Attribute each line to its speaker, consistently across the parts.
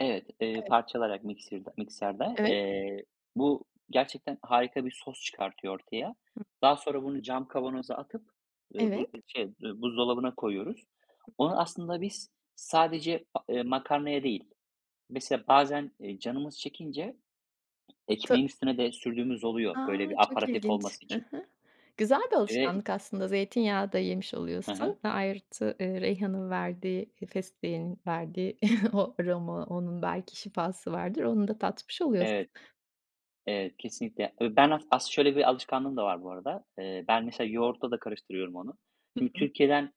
Speaker 1: Evet, eee,
Speaker 2: Evet.
Speaker 1: parçalayarak miksirde mikserde.
Speaker 2: Evet.
Speaker 1: Eee, bu gerçekten harika bir sos çıkartıyor ortaya.
Speaker 2: Hı.
Speaker 1: Daha sonra bunu cam kavanoza atıp, eee, bu
Speaker 2: Evet.
Speaker 1: ııı şey buzdolabına koyuyoruz. Onu aslında biz sadece, a eee, makarnaya değil, mesela bazen, eee, canımız çekince
Speaker 2: Ta
Speaker 1: ekmeğin üstüne de sürdüğümüz oluyor,
Speaker 2: A,
Speaker 1: böyle, bir
Speaker 2: çok
Speaker 1: aperatif
Speaker 2: ilginç.
Speaker 1: olması
Speaker 2: Hı
Speaker 1: için.
Speaker 2: hı. Güzel bir
Speaker 1: [unintelligible]
Speaker 2: alışkanlık aslında zeytinyağı da yemiş
Speaker 1: Hı
Speaker 2: oluyorsun.
Speaker 1: hı.
Speaker 2: Ve artı eee, reyhan'ın verdiği, eee, fesleğeni verdiği o aroma, onun belki şifası vardır, onu da tatmış oluyorsun.
Speaker 1: Evet. Evet kesinlikle. E, ben as aslında şöyle bir alışkanlığım da var bu arada. Eee, ben mesela yoğurtla da karıştırıyorum onu.
Speaker 2: Hı
Speaker 1: Şimdi
Speaker 2: hı.
Speaker 1: Türkiye'den,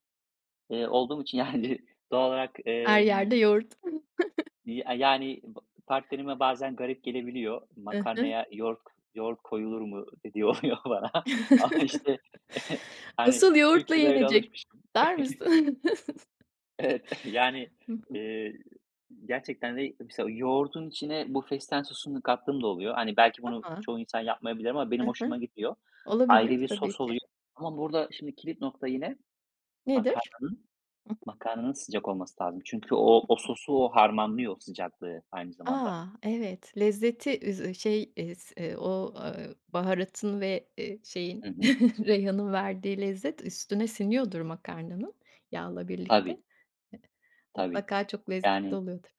Speaker 1: eee, olduğum için yani doğal olarak,
Speaker 2: Her yerde
Speaker 1: emm.
Speaker 2: yoğurt.
Speaker 1: Eee, a yani p partnerime bazen garip gelebiliyor.
Speaker 2: I hı.
Speaker 1: Makarnaya yoğurt k yoğurt koyulur mu dediği oluyor bana ama işte hani
Speaker 2: Asıl yoğurtla
Speaker 1: Türkiye'de öyle
Speaker 2: yenecek.
Speaker 1: alışmışım.
Speaker 2: Der misin.
Speaker 1: Evet, yani,
Speaker 2: Hı hı.
Speaker 1: eee, gerçekten de, mesela, yoğurdun içine bu fesleğen sosunu kattığım da oluyor. Hani, belki bunu
Speaker 2: A.
Speaker 1: çoğu insan yapmayabilir ama
Speaker 2: I
Speaker 1: benim
Speaker 2: hı.
Speaker 1: hoşuma gidiyor. Ayrı
Speaker 2: Olabilir
Speaker 1: bir
Speaker 2: tabii
Speaker 1: sos
Speaker 2: ki.
Speaker 1: oluyor ama burada, şimdi kilit nokta yine,
Speaker 2: Nedir?
Speaker 1: makarnanın,
Speaker 2: [unintelligible] Hı hı.
Speaker 1: makarnanın sıcak olması lazım. Çünkü o,
Speaker 2: Hı
Speaker 1: o
Speaker 2: hı.
Speaker 1: sosu, o harmanlıyor sıcaklığı aynı zamanda.
Speaker 2: A, evet lezzeti üz e şey is eee, o, eee, baharatın ve, eee, şeyin
Speaker 1: Hı hı.
Speaker 2: reyhanın verdiği lezzet, üstüne siniyordur makarnanın yağla birlikte. Eee,
Speaker 1: Tabii. Tabii.
Speaker 2: mutlaka çok lezzetli
Speaker 1: Yanii.
Speaker 2: oluyordur.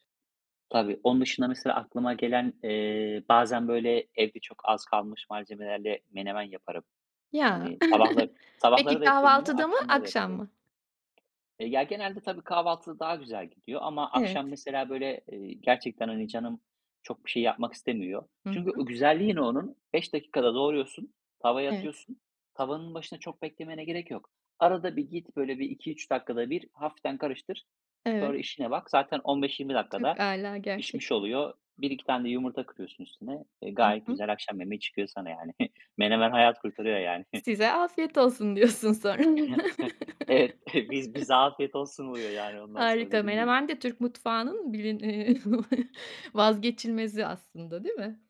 Speaker 1: Tabii. Onun dışında, mesela aklıma gelen, eee, bazen böyle, evde çok az kalmış malzemelerle menemen yaparım.
Speaker 2: Ya.
Speaker 1: Hani sabahları sabahları
Speaker 2: Peki
Speaker 1: da yapıyorum bunu,
Speaker 2: kahvaltıda mı,
Speaker 1: akşamları da
Speaker 2: akşam
Speaker 1: yapıyorum.
Speaker 2: mı?
Speaker 1: Ya, genelde tabii kahvaltıda daha güzel gidiyor ama
Speaker 2: Evet.
Speaker 1: akşam mesela böyle, eee, gerçekten, hani, canım çok bir şey yapmak istemiyor.
Speaker 2: Hı
Speaker 1: Çünkü
Speaker 2: hı.
Speaker 1: o güzelliği ne onun? 5 dakikada doğruyorsun, tavaya
Speaker 2: Evet.
Speaker 1: atıyorsun. Tavanın başında çok beklemene gerek yok. Arada bir git, böyle bir 2- 3 dakikada bir hafiften karıştır.
Speaker 2: Evet.
Speaker 1: Sonra işine bak, zaten 15- 20
Speaker 2: Çok
Speaker 1: dakikada
Speaker 2: âlâ
Speaker 1: pişmiş
Speaker 2: gerçekten.
Speaker 1: oluyor. 1- 2 tane de yumurta kırıyorsun üstüne, e,
Speaker 2: Hı
Speaker 1: gayet
Speaker 2: hı.
Speaker 1: güzel akşam yemeği çıkıyor sana yani. Menemen hayat kurtarıyor yani.
Speaker 2: Size afiyet olsun diyorsun sonra.
Speaker 1: Evet. Biz bize afiyet olsun oluyor yani ondan sonra,
Speaker 2: Harika,
Speaker 1: dediğin gibi.
Speaker 2: menemen de Türk mutfağının bilin eee, vazgeçilmezi aslında değil mi?